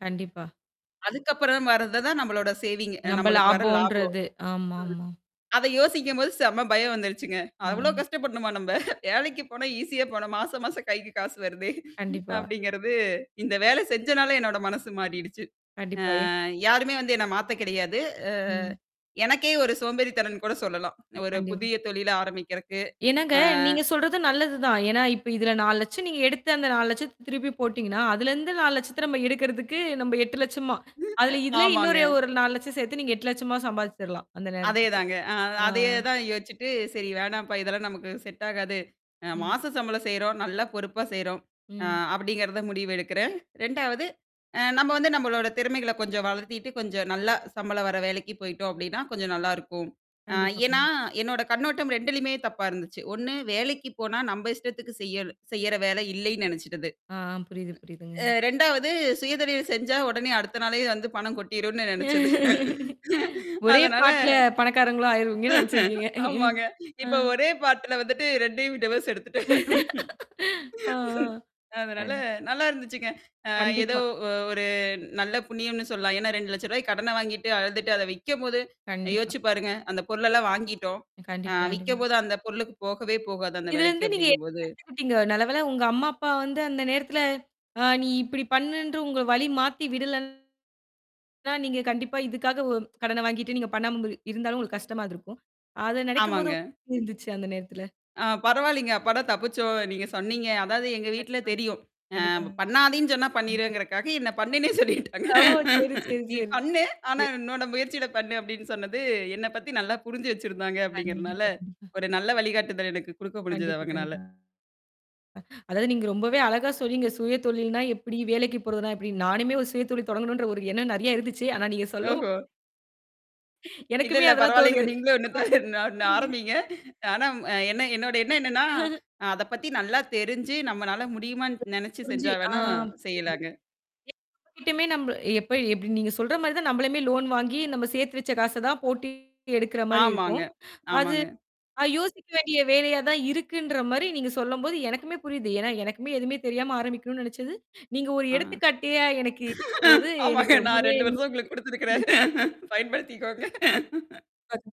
கண்டிப்பா. அதுக்கப்புறம் வரத தான் நம்மளோட சேவிங் நம்ப நம்மளுக்கு வர லாபம். ம். லாபம்ன்றது. ஆமாமா. அத யோசிக்கும்போது செம்ம பயம் வந்துருச்சுங்க. அவ்ளோ அ. கஷ்டப்படணுமா நம்ப. வேலைக்கு போனா ஈஸியா போனோம். மாசம், மாசம் கைக்கு காசு வருதே. கண்டிப்பா. அப்படிங்கிறது, இந்த வேலை செஞ்சனால என்னோட மனசு மாறிடுச்சு. கண்டிப்பா ஏ அ யாருமே வந்து என்ன மாத்த கெடையாது. அ ம். எனக்கே ஒரு சோம்பேறி தனம்னு கூட சொல்லலாம். ஒரு கண்டிப் புதிய தொழில ஆரம்பிக்கிறதுக்கு. என்னாங்க அ நீங்க சொல்றது நல்லது தான். ஏன்னா, இப்ப இதுல 4 லட்சம் நீங்க எடுத்து அந்த 4 லட்சத்த திருப்பி போட்டீங்கன்னா, அதுலருந்து 4 லட்சத்த நம்ம எடுக்கறதுக்கு நம்ம 8 லட்சமா, அதுல இதுலே ஆமாங்க. இன்னொரு ஒரு 4 லட்சம் சேத்து நீங்க 8 லட்சமா சம்பாதிச்சுரலாம். அந்த நேரத்துக்கு. அதேதாங்க. அ ஆ. அதே தான் யோசிச்சுட்டு, "சரி வேணாம்ப்பா. இதெல்லாம் நமக்கு செட் ஆகாது. அ ம். மாசு சம்பளம் செய்றோம். நல்லா பொறுப்பா செய்றோம்." அ ம். அப்படிங்கிறத முடிவு எடுக்குறேன். 2 வது அ நம்ம வந்து நம்மளோட திறமைகள கொஞ்சம் வளர்த்திட்டு கொஞ்சம் நல்லா சம்பளம் வர வேலைக்கு போயிட்டோம் அப்டின்னா, கொஞ்சம் நல்லாயிருக்கும். அ கண்டிப்பா, ஏன்னா, கண்டி என்னோட கண்ணோட்டம் 2லயும் தப்பா இருந்துச்சு. ஒண்ணு வேலைக்கு போனா நம்ப இஷ்டத்துக்கு செய்யுற செய்யற வேலை இல்லைன்னு நெனச்சுட்டது. ஆ ஆ. புரியுது, அ புரியுதுங்க. 2வது சுயதொழில் செஞ்சா உடனே அடுத்த நாளே வந்து பணம் கொட்டிரும்னு நினச்சது. ஒரே அதனால பாட்ல பணக்காரங்களும் ஆயிருவீங்கன்னு நெனச்சிருக்கீங்க. ம். ஆமாங்க. ஆ. இப்ப ஒரே பாட்டுல வந்துட்டு 2 அயும் டிவோஸ் எடுத்துட்டேன். ஆ. ஆ. அதனால அது நல்லா இருந்துச்சுங்க. அ ஏதோ கண்டிப்பா. ஒ ஒரு நல்ல புண்ணியம்னு சொல்லலாம். ஏன்னா, ரூ: 200000 கடனை வாங்கிட்டு அழுதுட்டு அத விக்கும்போது, கண்டிப்பா. யோசிச்சு பாருங்க. அந்த பொருளெல்லாம் வாங்கிட்டோம். ஆ கண்டிப்பா, கண்டிப்பா. விக்கும்போது அந்த பொருளுக்கு போகவே போகாது, அந்த இதுலருந்து வெலைக்கு நீங்க என்ன அப்படிங்கும்போது கத்துக்கிட்டீங்க? நல்லவேல உங்க அம்மா, அப்பா வந்து அந்த நேரத்துல ஆ நீ இப்படி பண்ணுன்று உங்க வழி மாத்தி விடலன்னது தான், நீங்க கண்டிப்பா இதுக்காக ஒ கடன வாங்கிட்டு நீங்க பண்ணாம இருந்த் இருந்தாலும் உங்களுக்கு கஷ்டமா இருந்துருக்கும். அது நனைக்கும்போது ஆமாங்க. உங்களுக்கு எப்டி இருந்துச்சு அந்த நேரத்துல? ஆ பரவாயில்லங்க. அப்படா தப்பிச்சோம். நீங்க சொன்னீங்க. அதாவது எங்க வீட்ல கண்டிப்பா. தெரியும். அ கண்டிப்பாங். பண்ணாதீன்னு சொன்னா கண்டிப்பா. பண்ணிருவேங்கறக்காக என்ன பண்ணுன்னே சொல்லிட்டாங்க. ஓ! சரி, சரி, நீ பண்ணு. ஆனா சரி. உன்னோட முயற்சியிட பண்ணு, அப்ப்டின்னு சொன்னது என்ன பத்தி நல்லா புரிஞ்சு வச்சிருந்தாங்க அப்படிங்கிறனால, கண்டிப்பா, கண்டிப்பா. ஒரு நல்ல வழிகாட்டுதல் எனக்கு குடுக்க முடிஞ்சுது கண்டிப்பா, அவங்கனால. கண்டிப்பா. அதாவது நீங்க ரொம்பவே அழகா சொன்னீங்க. சுயதொழில்னா எப்படி, வேலைக்கு போறதுனா எப்படி. நானுமே ஒரு சுயதொழில் தொடங்கணுன்ற ஒரு எண்ணம் நெறைய இருந்துச்சு. ஆனா நீங்க சொல்லவும் ஓஹோ! இல்ல, எனக்குமே இல்ல அதெல்லாம் பரவாயில்லங்க. தோணுது. நீங்களும் ஒண்ணு தான் ஒண்ணு ஒண்ண ஆரம்பீங்க. ஆனா என்ன என்னோட எண்ணம் என்னன்னா, அத பத்தி நல்லா தெரிஞ்சு, நம்மனால முடியுமான்னு நெனச்சு புரிஞ்சு. செஞ்சா ஆ வேணா புரியுது. செய்யலாங்க. எல்லார் கிட்டயுமே நம்ம எப்ப எப்படி நீங்க சொல்ற மாரி தான் நம்மளுமே லோன் வாங்கி நம்ம சேர்த்து வச்ச காச தான் போட்டு எடுக்குற மாரி ஆமாங்க. இருக்கும். அது ஆமாங்க. யோசிக்க வேண்டிய வேலையா தான் இருக்குன்ற மாரி நீங்க சொல்லும்போது எனக்குமே புரியுது. ஏன்னா, எனக்குமே எதுவுமே தெரியாம ஆரம்பிக்கனும்னு நினைச்சது நீங்க ஒரு ஆ. எடுத்துக்காட்டியா எனக்கு இருக்கும்போது ஆமாங்க. எனக்கு நான் ரொம்பவே 2 வருஷம் உங்களுக்கு குடுத்தத்துருக்கிறேன். பயன்படுத்திக்கோங்க. அதும்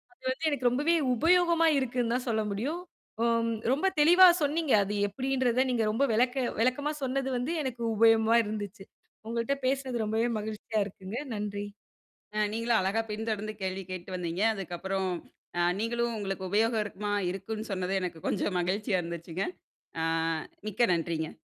தான் அது வந்து எனக்கு ரொம்பவே உபயோகமா இருக்குன்னு தான் சொல்ல முடியும். ஓ ரொம்ப தெளிவா சொன்னீங்க. அது எப்படின்றத நீங்க ரொம்ப வெளக்க வெளக்கமா சொன்னது வந்து எனக்கு உபயோகமா இருந்துச்சு. உங்கள்ட்ட பேசினது ரொம்பவே மகிழ்ச்சியா இருக்குங்க. நன்றி. அ நீங்களும் அழகா பின்தொடர்ந்து கேள்வி கேட்டு வந்தீங்க. அதுக்கப்புறம் அ நீங்களும் உங்களுக்கு உபயோகம் இருக்குமா, இருக்குன்னு சொன்னது எனக்கு கொஞ்சம் மகிழ்ச்சியா இருந்துச்சுங்க. ஆ மிக்க நன்றிங்க.